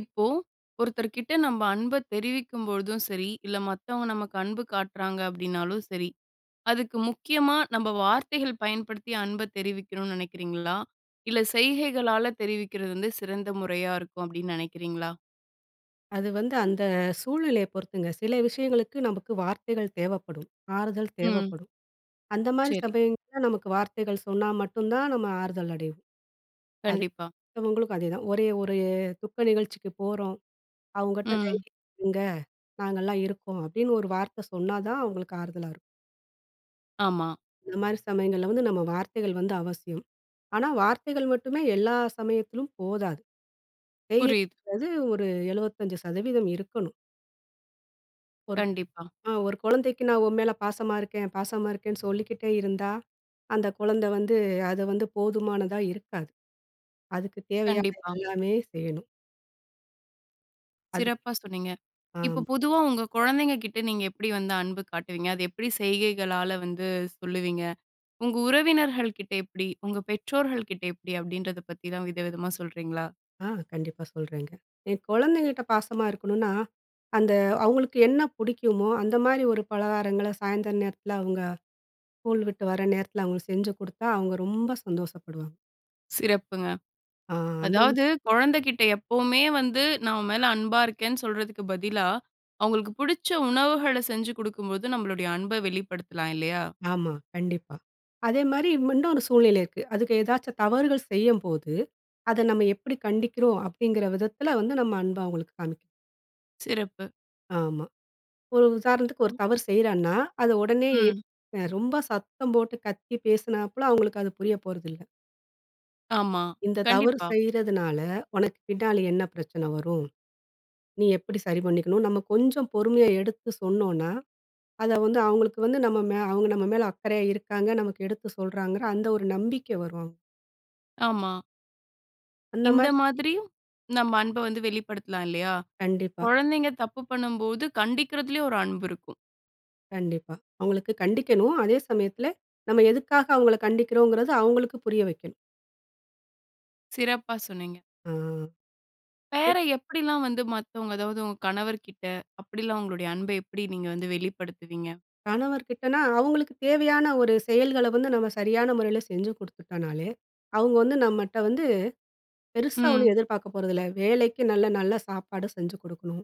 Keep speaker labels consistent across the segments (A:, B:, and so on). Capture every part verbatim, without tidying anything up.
A: இப்போ, ஒருத்தர் கிட்ட நம்ம அன்பை தெரிவிக்கும் பொழுதும் சரி, இல்ல மத்தவங்க நமக்கு அன்பு காட்டுறாங்க அப்படினாலும் சரி. அதுக்கு முக்கியமா நம்ம வார்த்தைகள் பயன்படுத்தி, அன்பைத் தெரிவிக்கணும்னு நினைக்கிறீங்களா? இல்லை செய்கைகளால் தெரிவிக்கிறது வந்து, சிறந்த முறையா இருக்கும் அப்படின்னு நினைக்கிறீங்களா?
B: அது வந்து அந்த சூழ்நிலையை பொறுத்துங்க. சில விஷயங்களுக்கு நமக்கு வார்த்தைகள் தேவைப்படும். ஆறுதல்
A: ம்.
B: தேவைப்படும். அந்த மாதிரி
A: சரி.
B: சபயங்க நமக்கு வார்த்தைகள் சொன்னா மட்டும் தான் நம்ம ஆறுதல் அடைவோம். அது
A: கண்டிப்பா.
B: உங்களுக்கும் அதேதான். ஒரே ஒரு துக்க நிகழ்ச்சிக்கு போறோம், அவங்ககிட்ட
A: ம்.
B: தைரியமா இருங்க நாங்கலாம் இருக்கோம். அப்படின்னு ஒரு வார்த்த சொன்னா தான் அவங்களுக்கு ஆறுதலா இருக்கும்.
A: ஆமா.
B: இந்த மாதிரி சமயங்கள்ல வந்து, நம்ம வார்த்தைகள் வந்து அவசியம். ஆனா, வார்த்தைகள் மட்டுமே எல்லா சமயத்திலும் போதாது. [unintelligible]
A: புரியுது.
B: ஒரு எழுபத்தஞ்சு சதவீதம் இருக்கணும். ஒரு க்
A: கண்டிப்பா.
B: ஆ ஒரு குழந்தைக்கு நான் உன் மேல பாசமா இருக்கேன் பாசமா இருக்கேன்னு சொல்லிக்கிட்டே இருந்தா. அந்த குழந்தை வந்து அது வந்து போதுமானதா இருக்காது. அதுக்கு தேவையான
A: கண்டிப்பா.
B: எல்லாமே செய்யணும். அது.
A: சிறப்பா சொன்னீங்க.
B: ஆ.
A: இப்ப பொதுவா உங்க குழந்தைங்க கிட்ட நீங்க எப்படி வந்து அன்பு காட்டுவீங்க. அது எப்படி செய்கைகளால வந்து சொல்லுவீங்க. உங்க உறவினர்கள் கிட்ட எப்படி? உங்க பெற்றோர்கள் கிட்ட எப்படி? அப்படின்றதப்பத்திலாம் விதவிதமா சொல்றீங்களா?
B: ஆ, கண்டிப்பா சொல்றேங்க. என் குழந்தைங்கட்ட பாசமா இருக்கணும்னா, அந்த அவங்களுக்கு என்ன பிடிக்குமோ அந்த மாரி ஒரு பலகாரங்களை சாயந்தர நேரத்தில, அவங்க ஸ்கூல் விட்டு வர நேரத்தில அவங்களுக்கு செஞ்சு கொடுத்தா அவங்க ரொம்ப சந்தோஷப்படுவாங்க.
A: சிறப்புங்க.
B: அ, அந்த மா
A: அதாவது கொழந்தைகிட்ட எப்பவுமே, வந்து நான் உன் மேல அன்பா இருக்கிறேன்னு சொல்றதுக்கு பதிலா, அவங்களுக்கு பிடிச்ச உணவுகளை செஞ்சு குடுக்கும்போது, நம்மளுடைய அன்ப வெளிப்படுத்தலாம் இல்லையா.
B: ஆமா, கண்டிப்பா. அதே மாரி ம இன்னும் ஒரு சூழ்நிலை இருக்கு. அதுக ஏதாவது தவறுகள் செய்யும்போது, அதை நம்ம எப்படி கண்டிக்கிறோம்? அப்படிங்க்கிற விதத்தில வந்து நம்ம அன்பை அவங்களுக்கு காண்பிக்கிறது.
A: சிறப்பு.
B: ஆமா. ஒரு உதாரணத்துக்கு ஒரு தவறு செய்றான்னா, அதை உடனே ஏப்
A: ம்.
B: அ ரொம்ப சத்தம் போட்டு கத்தி பேசினாப்பல அவங்களுக்கு அது புரிய போறதில்லை.
A: ஆமா,
B: இந்த தவறு
A: கண்டிப்பா.
B: செய்றதுனால, உனக்கு பின்னாடி என்ன பிரச்சனை வரும்? நீ எப்படி சரி பண்ணிக்கணும். நம்ம கொஞ்சம் பொறுமையா எடுத்து சொன்னோம்னா, அதை வந்து அவங்களுக்கு வந்து, நம்ம மே அவங்க நம்ம மேல அக்கறையா இருக்காங்க. நமக்கு எடுத்து சொல்றாங்கற அந்த ஒரு நம்பிக்கை வரும்.
A: ஆமா.
B: அந்த
A: இந்த
B: மாரி.
A: மாதிரியும், நம்ம அன்ப வந்து வெளிப்படுத்தலாம் இல்லையா?
B: கண்டிப்பா.
A: குழந்தைங்க தப்பு பண்ணும்போது கண்டிக்கிறதிலியு ஒரு அன்பு இருக்கும்.
B: கண்டிப்பா, அவங்களுக்கு கண்டிக்கணும். அதே சமயத்தில, நம்ம எதுக்காக அவங்கள கண்டிக்கிறோங்கிறது அவங்களுக்கு புரிய வைக்கணும்.
A: சிறப்பா சொன்னீங்க.
B: ஆ, பெ
A: வேற எப்படிலாம் வந்து மத்தவங்க, அதாவது உங்க கணவர்கிட்ட அப்படிலாம் உங்களுடைய அன்ப எப்படி நீங்க வந்து வெளிப்படுத்துவீங்க?
B: கணவர்கிட்டனா, அவங்களுக்கு தேவையான ஒரு செயல்கள வந்து நம்ம சரியான முறையில செஞ்சு குத்துட்டோம்னாலே, அவங்க வந்து நம்மட்ட வந்து, பெருசா ஒண்ணும்
A: ம்.
B: எதிர்பார்க்கப் போறதில்ல. வேளைக்கு நல்ல நல்ல சாப்பாடு செஞ்சு குடுக்கணும்.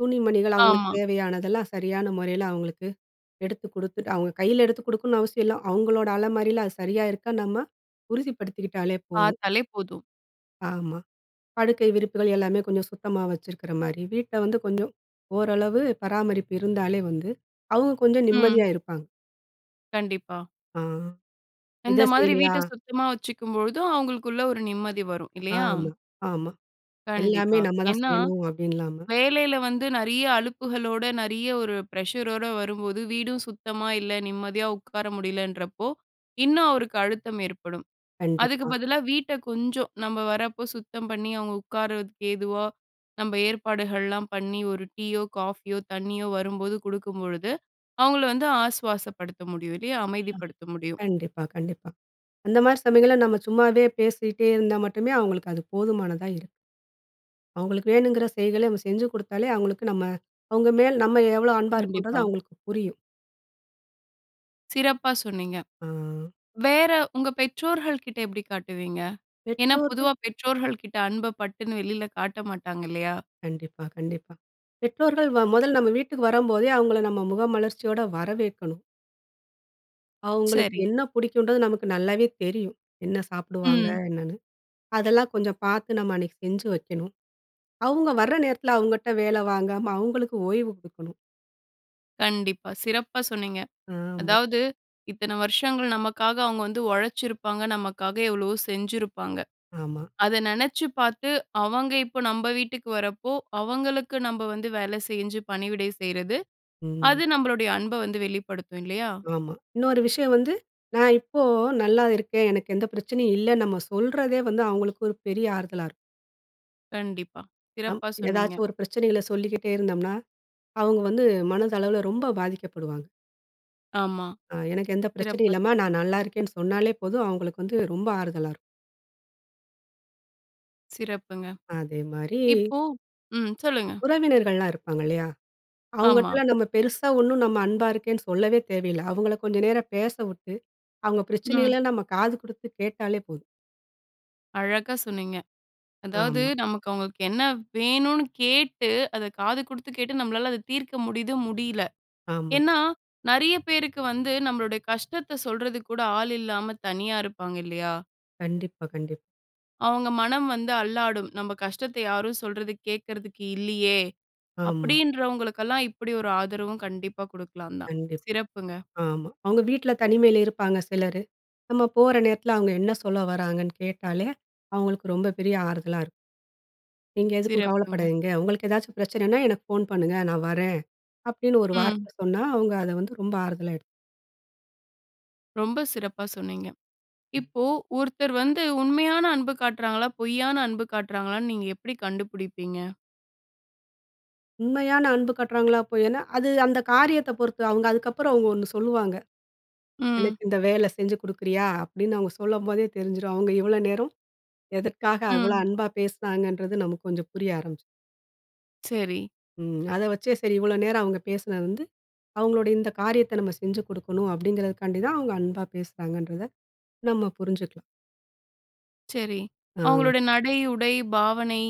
B: துணி மணிகள் அவங்களுக்கு
A: ஆமா.
B: தேவையானதெல்லாம் சரியான முறையில அவங்களுக்கு எடுத்து குடுத்துட்டு அவங்க கையில எடுத்து குடுக்கணும்னு அவசியம் இல்லை. அவங்களோட அலமாரியில அது சரியா இருக்கான்னு நம்ம உறுதிப்படுத்திக்கிட்டாலே போதும்.
A: பார்த்தாலே போதும்.
B: ஆமா. படுக்கை விரிப்புகள் எல்லாமே கொஞ்சம் சுத்தமா வச்சிருக்கிற மாரி, வீட்ட வந்து கொஞ்சம் ஓரளவு பராமரிப்பு இருந்தாலே வந்து, அவங்க கொஞ்சம் நிம்மதியா
A: ம்.
B: இருப்பாங்க.
A: கண்டிப்பா.
B: ஆ, இத
A: இந்த மாதிரி
B: செய்யலையா?
A: வீட்ட சுத்தமா வச்சுக்கும்பொழுதும் அவங்களுக்குள்ள ஒரு நிம்மதி வரும், இல்லையா?
B: ஆமா, ஆமா. "எல்லாமே
A: கண்டிப்பா,
B: நம்ம தான்
A: ஏன்னா
B: செய்யணும்." அப்படீன்னு இல்லாம
A: வேலையில வந்து நெறைய அழுப்புகளோட நெறைய ஒரு ப்ரெஷரோட வரும்போது வீடும் சுத்தமா இல்ல, நிம்மதியா உட்கார முடியலன்றப்போ இன்னும் அவருக்கு அழுத்தம் ஏற்படும். அதுக்கு
B: கண்டிப்பா.
A: பதிலா வீட்ட கொஞ்சம் நம்ம வரப்போ சுத்தம் பண்ணி, அவங்க உட்காருறதுக்கு ஏதுவா நம்ம ஏற்பாடுகள்லாம் பண்ணி, ஒரு டீயோ, காஃபியோ, தண்ணியோ வரும்போது குடுக்கும்பொழுது அவங்கள வந்து ஆஸ்வாசப்படுத்த முடியும், இல்லையா?
B: அ,
A: அமைதிப்படுத்த முடியும்.
B: கண்டிப்பா, கண்டிப்பா. அந்த மாரி சமயங்கள்ல, நம்ம சும்மாவே பேசிட்டே இருந்தா மட்டுமே, அவங்களுக்கு அது போதுமானதா இருக்கும். அவங்களுக்கு வேணுங்கிற செயல்களை நம்ம செஞ்சு கொடுத்தாலே, அவங்களுக்கு நம்ம அவங்க மேல நம்ம எவ்ளோ அன்பா இருக்கோன்றது
A: கண்டிப்பா.
B: அவங்களுக்கு புரியும்.
A: சிறப்பா சொன்னீங்க.
B: ஆ
A: வேற உங்க பெற்றோர்கள் கிட்ட எப்டி காட்டுவீங்க? ஏனா,
B: பெற்றோர்கள்
A: பொதுவா பெற்றோர்கள் கிட்ட அன்ப பட்டுன்னு வெளில காட்டமாட்டாங்க இல்லையா?
B: கண்டிப்பா, கண்டிப்பா. பெற்றோர்கள் முதல்ல நம்ம வீட்டுக்கு வரும்போதே, அவங்கள நம்ம முகமலர்ச்சியோட வரவேற்கணும். அவங்களுக்கு
A: சரி.
B: என்ன புடிக்கும்ன்றது நமக்கு நல்லாவே தெரியும். என்ன சாப்பிடுவாங்க
A: ம்.
B: என்னென்னு, அதெல்லாம் கொஞ்சம் பார்த்து நம்ம அன்னைக்கு செஞ்சு வைக்கணும். அவங்க வர நேரத்தில அவங்கட்ட வேல வாங்காம, அவங்களுக்கு ஓய்வு குடுக்கணும்.
A: கண்டிப்பா சிறப்பா சொன்னீங்க,
B: ஆமா.
A: அதாவது இத்தன வருஷங்கள் நமக்காக அவங்க வந்து உழைச்சிருப்பாங்க. நமக்காக எவ்வளவோ செஞ்சிருப்பாங்க.
B: ஆமா.
A: அத நினைச்சு பார்த்து அவங்க இப்போ நம்ம வீட்டுக்கு வரப்போ. அவங்களுக்கு நம்ம வந்து வேலை செஞ்சு பணிவிடை செய்யறது.
B: ம்.
A: அது நம்மளுடைய அன்ப வந்து வெளிப்படுத்தும் இல்லையா?
B: ஆமா. இன்னொரு விஷயம் வந்து நான் இப்போ நல்லா இருக்கேன் எனக்கு எந்த பிரச்சனையும் இல்ல. நம்ம சொல்றதே வந்து அவங்களுக்கு ஒரு பெரிய ஆறுதலா இருக்கும்.
A: கண்டிப்பா.
B: நம்
A: சிறப்பா சொன்னீங்க.
B: ஏதாச்சும் ஒரு பிரச்சனைகள சொல்லிக்கிட்டே இருந்தோம்னா. அவங்க வந்து மனதளவில ரொம்ப பாதிக்கப்படுவாங்க.
A: ஆமா.
B: அ எனக்கு எந்த பிரச்சனையும்
A: சிறப்பா
B: இல்லம்மா.
A: சொன்
B: நான் நல்லாருக்கேன்னு சொன்னாலே போதும். அவங்களுக்கு வந்து ரொம்ப ஆறுதலாரு
A: சிறப்புங்க.
B: அதேமாரி
A: இப்போ ம். சொல்லுங்க!
B: உறவினர்கள்லாம் இருப்பாங்க இல்லையா.
A: ஆமா.
B: அவுங்கள்ட்டல்லாம் நாம பெரிசா ஒன்னும் நம்ம அன்பா இருக்கேன்னு சொல்லவே தேவையில்ல. அவுங்கள கொஞ்சம் நேரம் பேச விட்டு, அவுங்க
A: ம்.
B: பிரச்சனைகள நம்ம காது குடுத்து கேட்டாலே போதும்.
A: அழகா சொன்னீங்க. அதாவது
B: ஆமா.
A: நமக்கு அவங்களுக்கு என்ன வேணுன்னு கேட்டு அத காது குடுத்து கேட்டு நம்மளால அத தீர்க்க முடியுது, முடியல
B: ஆமா.
A: ஏன்னா, நிறைய பேருக்கு வந்து நம்பளுடைய கஷ்டத்த சொல்றதுக்கு கூட ஆள் இல்லாம, தனியா இருப்பாங்க இல்லையா?
B: கண்டிப்பா கண்டிப்
A: அவங்க மனம் வந்து அல்லாடும். "நம்ம கஷ்டத்தை யாரும் சொல்றது கேக்கறதுக்கு இல்லையே!"
B: ஆமா.
A: அப்படின்றவங்களுக்கு எல்லாம், இப்படி ஒரு ஆதரவும் கண்டிப்பா குடுக்கலாந்தான்.
B: கண்டிப்
A: சிறப்புங்க.
B: ஆமா. அவுங்க வீட்ல தனிமையில இருப்பாங்க, சிலரு. நம்ம போற நேரத்ல அவுங்க என்ன சொல்ல வராங்கன்னு கேட்டாலே, அவுங்களுக்கு ரொம்ப பெரிய ஆறுதலா இரு "நீங்க எதுக்கும்
A: சிறப்புங்க.
B: கவலப்படாதீங்க, உங்களுக்கு எதாச்சும் பிரச்சனன்னா எனக்கு ஃபோன் பண்ணுங்க. நான் வரேன்." அப்படின்னு ஒரு
A: ம்.
B: வார்த்தை சொன்னா, அவுங்க அத வந்து ரொம்ப ஆறுதலா எடு
A: ரொம்ப சிறப்பா சொன்னீங்க.
B: ம்.
A: இப்போ ஒருத்தர் வந்து உண்மையான அன்பு காட்றாங்களா, பொய்யான அன்பு காட்றாங்களான்னு நீங்க எப்டி கண்டுபிடிப்பீங்க?
B: உண்மையான அன்பு காட்டுறாங்களா? பொய் ஏன்னா, அது அந்த காரியத்த பொறுத்து. அவுங்க அதுக்கப்புறம் ஒண்ணு சொல்லுவாங்க.
A: ம்.
B: எனக்கு இந்த வேல செஞ்சு குடுக்குறியா அப்டின்னு, அவங்க சொல்லம்போதே தெரிஞ்சிரும். அவுங்க இவ்வளோ நேரம் எதற்காக அவ்ளோ
A: ம்.
B: அன்பா பேசினாங்கன்றது, நமக்கு கொஞ்சம் புரிய ஆரம்பிச்சுரும்.
A: சரி.
B: ம். அத வச்சே சரி இவ்வளோ நேரம் அவுங்க பேசினது வந்து அவங்களுடைய இந்த காரியத்த நம்ம செஞ்சு குடுக்கணும், அப்படிங்கிறதற்கான்டி தான் அவுங்க அன்பா பேசுறாங்கன்றத நம்ம புரிஞ்சுக்கலாம்.
A: சரி
B: அ.
A: அவங்களுடைய நடை, உடை, பாவனை,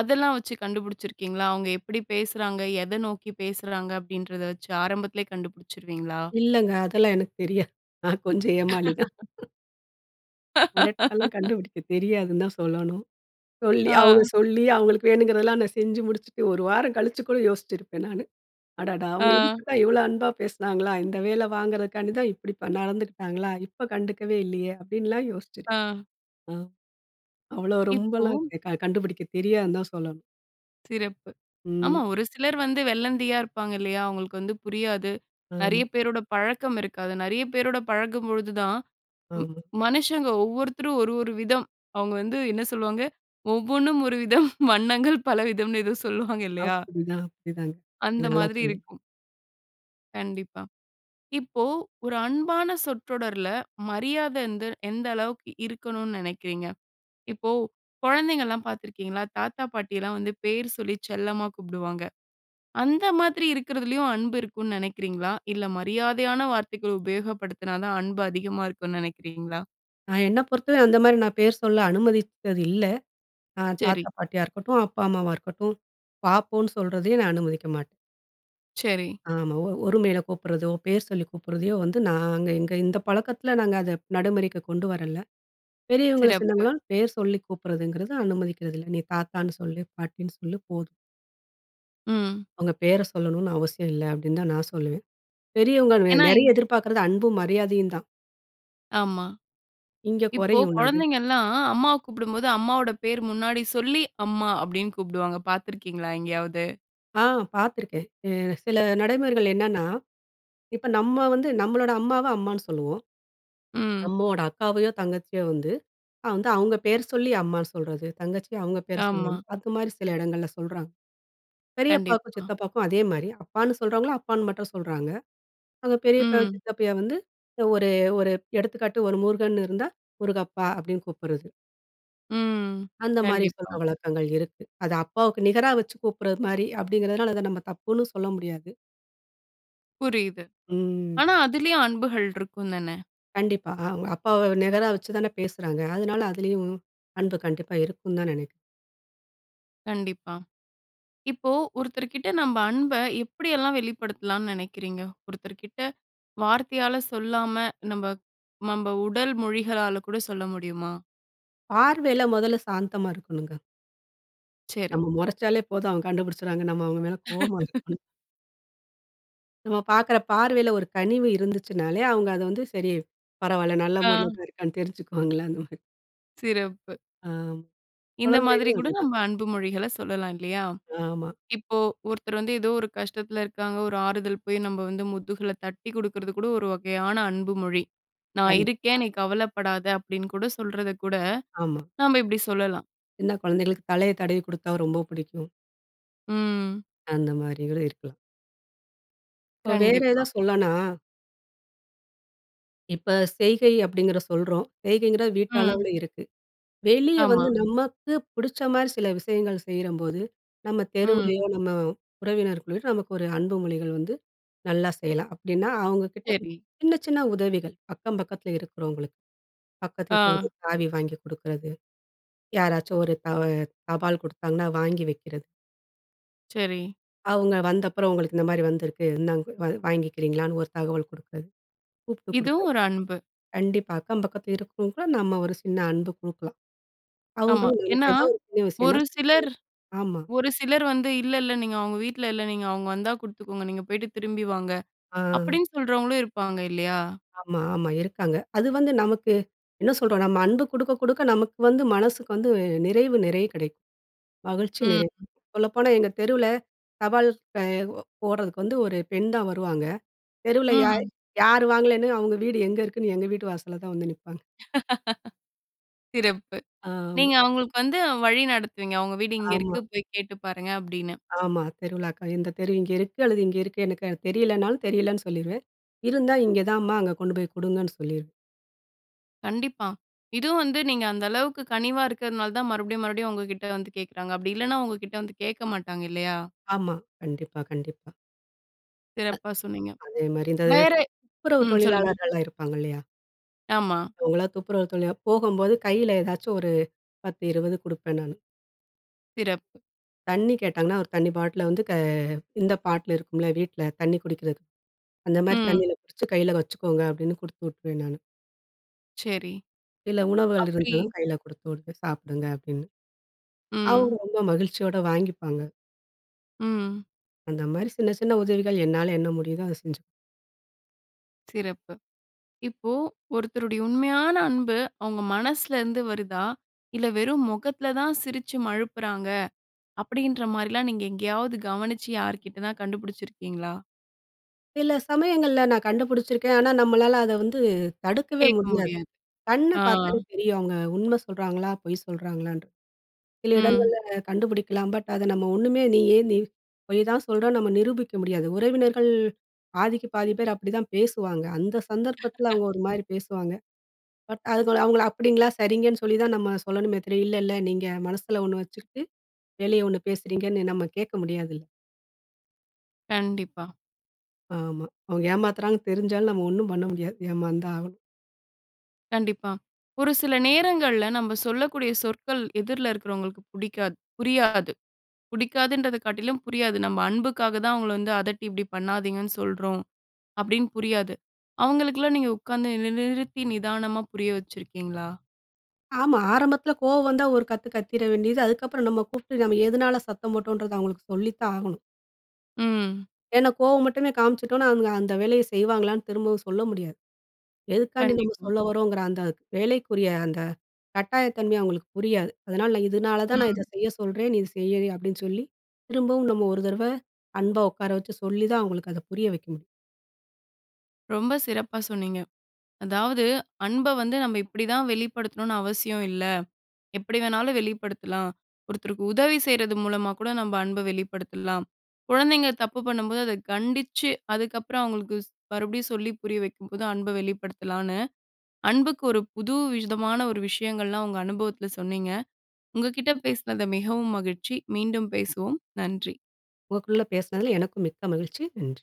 A: அதெல்லாம் வச்சு கண்டுபிடிச்சிருக்கீங்களா? அவுங்க எப்டி பேசுறாங்க, எதை நோக்கிப் பேசுறாங்க அப்டின்றத வச்சு ஆரம்பத்திலயே கண்டுபிடிச்சுருவீங்ளா?
B: இல்லைங்க அதெல்லாம் எனக்கு தெரியாது. நான் கொஞ்சம் ஏமாளி தான். [unintelligible] கண்டுபுடிக்க தெரியாதுன்னு தான் சொல்லணும். சொல்லி அவுங்க
A: ஆ.
B: சொல்லி அவுங்களுக்கு வேணுங்கிறதலாம் நான் செஞ்சு முடிச்சுட்டு, ஒரு வாரம் கழிச்சு கூட யோசிச்சிருப்பேன் நானு. அடடா அவுங்க
A: ஆ.
B: இதுக்கு தான் இவ்ளோ அன்பா பேசினாங்களா? இந்த வேலை வாங்குறதுக்காண்டி தான், இப்டி பன் நடந்துருக்காங்களா? இப்ப கண்டுக்கவே இல்லயே, அப்படின்லாம் யோசிச்சேன்.
A: ஆ.
B: அ அவ்வளோ
A: இப்போ
B: ரொம்பல்லாம் க கண்டுபிடிக்கத் தெரியாதுன்னு தான் சொல்லணும்.
A: சிறப்பு.
B: ம்.
A: ஆமா, ஒரு சிலர் வந்து வெள்ளந்தியா இருப்பாங்க இல்லையா! அவுங்களுக்கு வந்து புரியாது நெறைய
B: ஆமா.
A: பேரோட பழக்கம் இருக்காது. நெறைய பேரோட பழகும்பொழுது தான் ம்
B: ஆமா.
A: மனுஷங்க ஒவ்வொருத்தரும் ஒரு ஒரு விதம் அவங்க வந்து என்ன சொல்லுவாங்க? ஒவ்வொன்னும் ஒரு விதம் வண்ணங்கள் பலவிதம்ன்னு ஏதோ சொல்லுவாங்க இல்லையா?
B: அப்புடிதான்! அப்படித்தாங்க.
A: அந்த
B: நல்லா
A: மாதிரி
B: சொன்னீ
A: இருக்கும். கண்டிப்பா. இப்போ ஒரு அன்பான சொற்றொடர்ல, மரியாத எந்த எந்த அளவுக்கு இருக்கணுன்னு நினைக்கிறீங்க? இப்போ கொழந்தைங்கள்லாம் பாத்துருக்கீங்களா, தாத்தா பாட்டியல்லாம் வந்து பேரு சொல்லி செல்லமா கூப்டுவாங்க. அந்த மாதிரி இருக்குறதுலயும் அன்பு இருக்குன்னு நெனைக்கிறீங்களா? இல்ல மரியாதையான வார்த்தைகள் உபயோகப்படுத்தினா தான், அன்பு அதிகமா இருக்குன்னு நினைக்கிறீங்களா?
B: நான் என்ன பொறுத்தவர அந்த மாரி நான் பேர் சொல்ல அனுமதிச்சது இல்ல. அ தாத்தா
A: சரி.
B: பாட்டியா இருக்கட்டும், அப்பா அம்மாவா இருக்கட்டும் வா, போன்னு சொல்றதையே நான் அனுமதிக்க மாட்டேன்.
A: சரி.
B: ஆமா. ஒ ஒருமையில கூப்ட்றதோ, பேர் சொல்லி கூப்பிட்றதையோ வந்து நாங்க எங்க இந்த பழக்கத்ல நாங்க அத நடைமுறைக்கு கொண்டு வரல. பெரியவங்கள,
A: சிறப்பு.
B: சின்னவங்கலாம் பேர் சொல்லி கூப்ட்றதுங்கிறது, அனுமதிக்கிறது இல்ல. நீ தாத்தான்னு சொல்லு, பாட்டின்னு சொல்லு போதும்.
A: ம்.
B: அவுங்க பேர சொல்லணுன்னு அவசியம் இல்ல, அப்டீன்னு தான் நான் சொல்லுவேன். பெரியவுங்கள் வே
A: ஏன்னா, இ
B: நெறைய எதிர்பாக்குறது அன்பும், மரியாதையும் தான்.
A: ஆமா.
B: இங்க
A: இப்போ
B: குறையுன்ல்ல அது!
A: கொழந்தைங்கல்லாம் அம்மாவ கூப்பிடும்போது, அம்மாவோட பேர் முன்னாடி சொல்லி, "அம்மா" அப்டீன்னு கூப்டுவாங்க. பாத்துருக்கீங்களா எங்கேயாவது?
B: ஆ, பாத்துருக்கேன். எ சில நடைமுறைகள் என்னன்னா, இப்ப நம்ம வந்து, நம்மளோட அம்மாவ அம்மான்னு சொல்லுவோம்.
A: ம்.
B: அம்மாவோட அக்காவையோ தங்கச்சியோ வந்து அ வந்து அவுங்க பேர் சொல்லி அம்மா சொல்றது, தங்கச்சிய அவுங்க பேர் சொல்லி அம்
A: ஆமா.
B: அதுமாரி சில எடங்கள்ல சொல்றாங்க. பெரியப்பாக்கும்,
A: கண்டிப்பா.
B: சித்தப்பாக்கும் அதே மாரி அப்பான்னு சொல்றவங்கள, அப்பான்னு மட்டும் சொல்றாங்க. அவுங்க பெரியப்பாவ
A: ம்.
B: சித்தப்பாய வந்து ஒரு ஒரு எடுத்துக்காட்டு ஒரு முருகன்னு இருந்தா, "முருகப்பா" அப்டீன்னு கூப்புட்றது.
A: ம்.
B: அந்த மாரி சொல்ற
A: கண்டிப்பா.
B: வழக்கங்கள் இருக்கு. அத அப்பாவுக்கு நிகரா வச்சு கூப்புட்றது மாரி அப்டீங்கிறதுனால, அத நம்ம தப்புன்னும் சொல்ல முடியாது.
A: புரியுது.
B: ம்.
A: ஆனா அதிலயும் அன்புகள் இருக்குந்தான?
B: கண்டிப்பா அ அவுங்க அப்பாவ நிகரா வச்சு தான பேசுறாங்க. அதுனால அதிலயும், அன்பு கண்டிப்பா இருக்குந்தான்னு நெனை
A: கண்டிப்பா. இப்போ, ஒருத்தர்கிட்ட நம்ப அன்ப எப்படியெல்லாம் வெளிப்படுத்தலான்னு நெனைக்கிறீங்க? ஒருத்தர்கிட்ட வார்த்தையால சொல்லாம, நம்ப நம்ப உடல் மொழிகளால கூட சொல்ல முடியுமா?
B: பார்வையில முதல சாந்தமா இருக்கணுங்க.
A: சரி.
B: நம்ம மொறச்சாலே போதும் அவங்க கண்டுபிடிச்சறாங்க. நம்ம அவங்க மேல கோவமா இருக்கோம். நம்ம பார்க்குற பார்வையில ஒரு கனிவு இருந்துச்சுனாலே, அவங்க அத வந்து சரி பரவால, நல்ல மூடுல
A: ஆ.
B: தான் இருக்கானு தெரிஞ்சுக்குவாங்களா, அந்த மாதிரி
A: சிறப்பு.
B: ஆம்.
A: இந்த மாதிரி
B: குழந்தைகளும்
A: கூட
B: அதேதான்.
A: நம்ம அன்பு மொழிகள சொல்லலாம் இல்லையா?
B: ஆமா.
A: இப்போ ஒருத்தர் வந்து ஏதோ ஒரு கஷ்டத்தில இருக்காங்க, ஒரு ஆறுதல் போய் நம்ம வந்து முதுகுல தட்டிக் குடுகற்து கூட, ஒரு வகையான அன்பு மொழி. நான்
B: கண்டிப்பா.
A: இருக்கேன் நீ கவலப்படாத, அப்டின்னு கூட சொல்றத கூட
B: ஆமா.
A: நாப இப்டி சொல்லலாம்.
B: சின்ன கொழந்தைகளுக்கு தலைய தடவிக் குடுத்தா ரொம்ப புடிக்கும்.
A: ம்.
B: அந்த மாரிகளும் இருக்குலா. இப்ப வேற எதா
A: கண்டிப்பா.
B: சொல்லானா? இப்ப செய்கை அப்டிங்கிற சொல்றோம். செய்கைங்கிற
A: ம்.
B: வீட்டளவுல இருக்கு. வெளிய
A: ஆமா.
B: வந்து நமக்கு புடிச்ச மாரி சில விஷயங்கள் செய்றபோது, நம்ம
A: ம்.
B: தெருவுலேயோ, நம்ம உறவினர்களையோ, நமக்கு ஒரு அன்பு மொழிகள் வந்து நல்லா செய்யலாம். அப்டின்னா அவங்க கிட்ட
A: சரி.
B: சின்ன சின்ன உதவிகள் அக்கம் பக்கத்தில இருக்கிறவங்களுக்கு. பக்கத்து வீட்ல
A: ஆ.
B: ஒரு சாவி வாங்கி குடுக்குறது. யாராச்சும் ஒரு தவ தபால் கொடுத்தாங்கன்னா வாங்கி வைக்கிறது.
A: சரி.
B: அவங்க வந்தப்புறம், உங்களுக்கு இந்த மாரி வந்திருக்கு. இந்தாங் வா வாங்கிக்கிறீங்களான்னு ஒரு தகவல் குடுக்கறது. கூப்ட்டு கொடுக்க.
A: இதுவும், ஒரு அன்பு.
B: கண்டிப்பா, அக்கம் பக்கத் இருக்கிறவங்க கூட நம்ம ஒரு சின்ன அன்பு குடுக்கலாம்.
A: ஆமா.
B: அவங்களும் நமக்கு
A: ஏன்னா,
B: எதாவது ஒரு உதவி செய்யனும்ன்னா,
A: ஒரு
B: செய்வாங்க.
A: சிலர்.
B: ஆமா.
A: ஒரு சிலர் வந்து, இல்ல இல்ல, நீங்க அவுங்க வீட்ல இல்ல. நீங்க அவுங்க வந்தா குடுத்துக்கோங்க. நீங்க, போயிட்டு திரும்பி வாங்க.
B: ஆ.
A: அப்படீன்னு சொல்றவங்களும் இருப்பாங்க. இல்லையா?
B: ஆமா, ஆமா. இருக்காங்க. அது வந்து நமக்கு என்ன சொல்றோம், நம்ம அன்பு குடுக்க குடுக்க நமக்கு வந்து மனசுக்கு வந்து, நிறைவு நிறைய கிடைக்கும். மகிழ்ச்சி,
A: ம்.
B: நிறைவு. சொல்லப்போனா எங்க தெருவுல, தபால் ப போடுறதுக்கு வந்து ஒரு பெண்தான் வருவாங்க. தெருவுல யார்
A: ம்.
B: யார் வாங்கலன்னு, அவங்க வீடு எங்கே இருக்குன்னு? எங்க வீட்டு வாசல்ல தான், வந்து நிப்பாங்க.
A: சிறப்பு.
B: ஆமா.
A: நீங்க அவுங்களுக்கு வந்து வழி நடத்துவீங்க. அவுங்க வீடு இங்க இருக்கு.
B: ஆமா.
A: போய் கேட்டு பாருங்க. அப்படீனு.
B: ஆமா. தெருவிலாக்காம். இந்த தெரு இங்க இருக்கு அல்லது இங்க இருக்கு. எனக்கு அது தெரியலனாலும், தெரியலன்னு சொல்லிருவேன். இருந்தா இங்க தான்மா, அங்க கொண்டு போய் குடுங்கன்னு, சொல்லிருவேன்.
A: கண்டிப்பா. இதுவும் வந்து நீங்க, அந்த அளவுக்கு கனிவா இருக்கிறதுனால தான் மறுபடியும் மறுபடியும், உங்ககிட்ட வந்து கேட்கிறாங்க. அப்படி இல்லனா, உங்க கிட்ட வந்து கேட்க மாட்டாங்க. இல்லையா?
B: ஆமா. கண்டிப்பா, கண்டிப்பா. அ
A: சிறப்பா சொன்னீங்க.
B: அதேமாரி இந்த
A: வேற,
B: துப்புரவு
A: ம் சொல்லுங்க.
B: தொழிலாளர்கள்லாம் இருப்பாங்க இல்லையா?
A: ஆமா.
B: அவங்களா துப்புரவு [unintelligible] போகம்போது, கையில ஏதாச்சும் ஒரு பத்து, இரவது குடுப்பேன் நானு.
A: சிறப்பு.
B: தண்ணீ கேட்டாங்கன்னா, ஒரு தண்ணி பாட்ல வந்து க இந்த பாட்லு இருக்கும்ல வீட்ல தண்ணி குடிக்றதுக்கு, அந்தமாரி
A: ம்.
B: தண்ணில புடிச்சு கையில வச்சுக்கோங்க, அப்படின்னு குடுத்து உட்ருவேன் நானு.
A: சரி.
B: சில உணவுகள்
A: அப்டி
B: இருந்தாலும் கையில குடுத்து வுடுவேன், சாப்டுங்க அபடின்னு. அவுங்க
A: ம்.
B: ரொம்ப மகிழ்ச்சியோட வாங்கிப்பாங்க.
A: ம்.
B: அந்த மாரி சின்ன சின்ன உதவிகள் என்னால என்ன முடியுதோ அத செஞ்சு...
A: சிறப்பு. இப்போ ஒருத்தருடைய உண்மையான அன்பு, அவுங்க மனசுலருந்து இருந்து வருதா? இல்ல வெறும் முகத்ல தான் சிரிச்சு மழுப்புறாங்க. அப்டின்ற மாரில்லாம் நீங்க எங்கயாவது கவனிச்சு, யார்கிட்டன்னா கண்டுபுடிச்சிருக்கீங்களா?
B: சில சமயங்கள்ல நான் கண்டுபுடிச்சிருக்கேன். ஆனா, நம்மளால அத வந்து தடுக்கவே
A: கேக்க
B: முடியாது.
A: முடியாது
B: கண்ண
A: ஆ.
B: பாத்தாலே தெரியும், அவுங்க உண்ம சொல்றாங்களா, பொய் சொல்றாங்களான்டு. சில
A: ம்.
B: இடங்கள்ல கண்டுபிடிக்கலாம். பட் அதை நம்ம ஒண்ணுமே நீயே நீ பொய் தான் சொல்றன்னு நம்ம நிரூபிக்க முடியாது. உறவினர்கள் பாதிக்கு பாதி பேர் அப்டிதான் பேசுவாங்க, அந்த சந்தர்ப்பத்தில அவுங்க
A: [unintelligible]
B: ஒரு மாரி பேசுவாங்க, பட் அதுக்கு அவுங்கள அப்டிங்களா சரிங்கன்னு சொல்லி தான் நம்ம சொல்லணுமே தவிர, இல்ல இல்ல நீங்க மனசுல ஒண்ணு வச்சுக்ட்டு வெளிய ஒண்ணு பேசுறீங்கன்னு நம்ம கேக்க முடியாதுல்ல.
A: கண்டிப்பா.
B: ஆமா. அவுங்க ஏமாத்துறாங்கன்னு தெரிஞ்சாலும் நம்ம ஒன்னும் பண்ண முடியாது. ஏமாந்தான் ஆகணும்.
A: கண்டிப்பா. ஒரு சில நேரங்கள்ல நம்ம சொல்லக்கூடிய சொற்கள் எதிர்ல இருக்குறவோங்களுக்கு புடிக்காது புரியாது. புடிக்காதுன்றத காட்டிலும் புரியாது. நம்ம, "அன்புக்காக தான் அவங்கள வந்து அதட்டி இப்டி பண்ணாதீங்கன்னு சொல்றோம்" அப்டீன்னு புரியாது. அவங்களுக்கெல்லாம் நீங்க உக்காந்து நி நிறுத்தி நிதானமா புரிய வச்சிருக்கீங்களா?
B: ஆமா. ஆரம்பத்துல கோவம் வந்தா ஒரு கத்து கத்திற வேண்டியது. அதுக்கப்புறம் நம்ம கூப்ட்டு நம்ம எதனால சத்தம் போட்டோன்றத அவுங்களுக்கு சொல்லித்தான் ஆகணும்.
A: ம்.
B: ஏன்னா, கோவம் மட்டுமே காமிச்சிட்டோனா, அவங்க அந்த வேலைய செய்வாங்களான்னு திரும்பவும் சொல்ல முடியாது. எதுக்காண்டி நம்ம
A: கண்டிப்பா.
B: சொல்ல வரோங்குற அந்த வேலைக்குரிய அந்த கட்டாய தன்மை அவங்களுக்கு புரியாது. அதனால, "நான் இதனால தான் நான் இத
A: ம்.
B: செய்ய சொல்றேன். நீ இ செய்" அப்டீன்னு சொல்லி, திரும்பவும் நம்ம ஒரு தரவ அன்பா ஒக்கார வச்சு சொல்லி தான் அவங்களுக்கு அதை புரிய வைக்க முடியும்.
A: ரொம்ப சிறப்பா சொன்னீங்க. அதாவது, அன்ப வந்து நம்ம இப்பிடி தான் வெளிப்படுத்தணுனு அவசியம் இல்ல. எப்பிடி வேணாலும் வெளிப்படுத்தலாம். ஒருத்தருக்கு உதவி செய்றது மூலமா கூட நம்ம அன்ப வெளிப்படுத்தலாம். "குழந்தைங்க தப்பு பண்ணும்போது, அத கண்டிச்சு, அதுக்கப்பறம் ஸ் அவுங்களுக்கு மறுபடியும் சொல்லி புரிய வைக்கும்போது அன்ப வெளிப்படுத்தலான்னு" அன்புக்கு ஒரு புது விதமான ஒரு விஷயங்கள்லாம் உங்க அனுபவத்துல சொன்னீங்க. உங்க கிட்ட பேசினது மிகவும் மகிழ்ச்சி. மீண்டும் பேசுவோம். நன்றி.
B: உங்கக்குள்ள பேசினதுல எனக்கும் மிக்க மகிழ்ச்சி. நன்றி.